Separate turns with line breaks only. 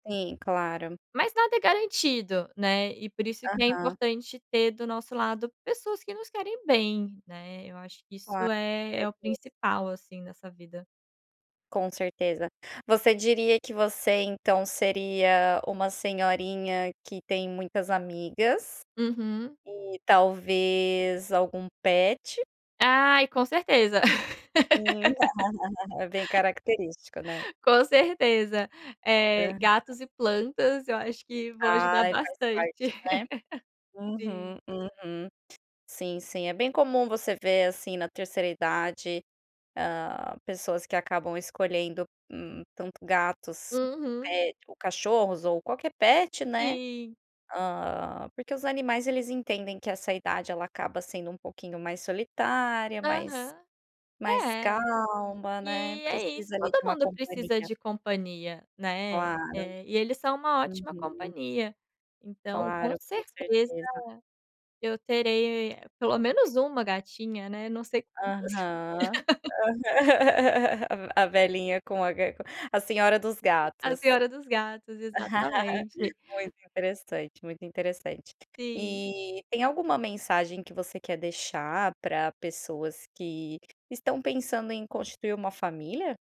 Sim, claro.
Mas nada é garantido, né. E por isso que é
Aham.
importante ter do nosso lado pessoas que nos querem bem, né. Eu acho que isso é é o
[unintelligible]
principal assim nessa vida.
Com certeza, você diria que você então seria uma senhorinha que tem muitas amigas.
Uhum.
E talvez algum pet?
Ai, com certeza.
É bem característico, né?
Com certeza,
É
eh,
verdade.
gatos e plantas eu acho que vou ajudar
Ai faz
bastante.
parte, né.
Sim
Uhum, uhum. Sim, sim é bem comum você ver assim na 3º idade, hã, pessoas que acabam escolhendo tanto gatos,
Uhum.
pe ou cachorros ou qualquer pet, né.
Sim.
Hã, porque os animais eles entendem que essa idade ela acaba sendo um pouquinho mais solitária mais
Aham.
mais
É.
calma, né,
E é isso,
precisa ali de
todo
uma
mundo precisa
companhia.
de companhia, né.
Claro.
E eles são uma ótima
Uhum.
companhia. Então com
Claro, com
certeza,
certeza.
eu terei pelo menos uma gatinha, né, não sei quantas.
Aham. A velhinha com a ga a senhora dos
A
gatos.
senhora dos gatos, exatamente.
Muito interessante, muito interessante.
Sim.
E tem alguma mensagem que você quer deixar pra pessoas que estão pensando em constituir uma família?